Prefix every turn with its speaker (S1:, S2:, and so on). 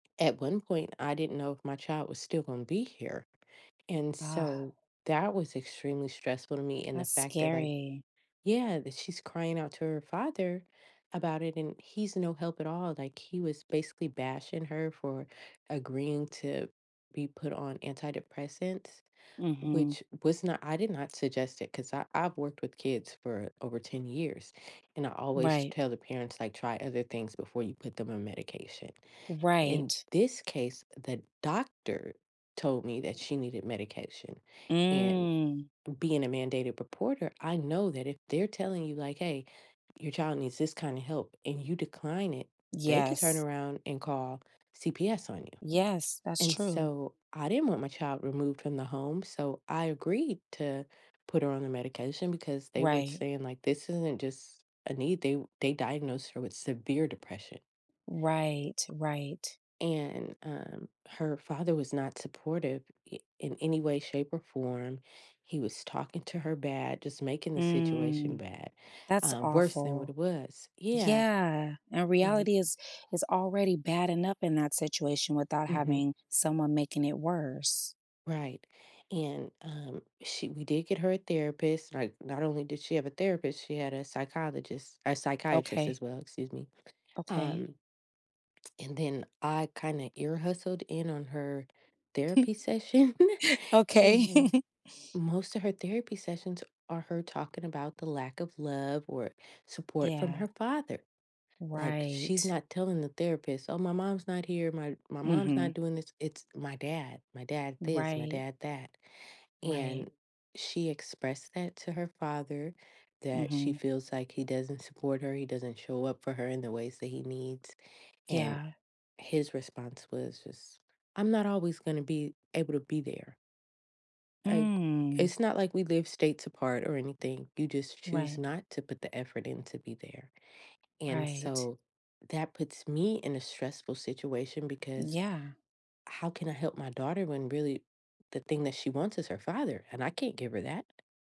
S1: At one point, I didn't know if my child was still gonna be here, and so, that was extremely stressful to me, and the
S2: That's
S1: fact that, like
S2: scary.
S1: yeah, that she's crying out to her father about it, and he's no help at all, like, he was basically bashing her for agreeing to be put on antidepressants,
S2: Mhm.
S1: which was not I did not suggest it, 'cause I I've worked with kids for over 10 years, and I always
S2: Right.
S1: tell the parents, like, "Try other things before you put them on medication." In
S2: Right.
S1: this case, the doctor told me that she needed medication, and
S2: Mm.
S1: b being a mandated reporter, I know that if they're telling you, like, "Hey, your child needs this kinda help," and you decline it, they could turn
S2: Yes.
S1: around and call CPS on you,
S2: Yes, that's
S1: and
S2: true.
S1: so, I didn't want my child removed from the home, so I agreed to put her on the medication, because they were j
S2: Right.
S1: saying, like, "This isn't just a need." They they diagnosed her with severe depression."
S2: Right. Right.
S1: And, um, her father was not supportive i in any way, shape, or form. He was talking to her bad, just making the situation
S2: Mm.
S1: bad
S2: That's
S1: uh, worse than what
S2: awful.
S1: it was Yeah.
S2: Yeah, and
S1: Mhm.
S2: reality is is already bad enough in that situation without
S1: Mhm.
S2: having someone making it worse.
S1: Right, and, um, she we did get her a therapist, like, not only did she have a therapist, she had a psychologist a psychiatrist as
S2: Okay.
S1: well, excuse me.
S2: Okay.
S1: Um and then, I kinda ear-hustled in on her therapy session,
S2: Okay.
S1: and, most of her therapy sessions are her talking about the lack of love, or support, from
S2: Yeah.
S1: her father. Like, she's
S2: Right.
S1: not telling the therapist, "Oh, my mom's not here. My my mom's not
S2: Mhm.
S1: doing this. It's, my dad. My dad, this, my
S2: Right.
S1: dad that," and,
S2: Right.
S1: she expressed that to her father, that she
S2: Mhm.
S1: feels like he doesn't support her, he doesn't show up for her in the ways that he needs and,
S2: Yeah.
S1: his response was just, "I'm not always gonna be able to be there." Like,
S2: Mm.
S1: it's not like we live states apart or anything, you just choose
S2: Right.
S1: not to put the effort in to be there. And
S2: Right.
S1: so, that puts me in a stressful situation, because
S2: Yeah.
S1: how can I help my daughter when really the thing that she wants is her father, and I can't give her that.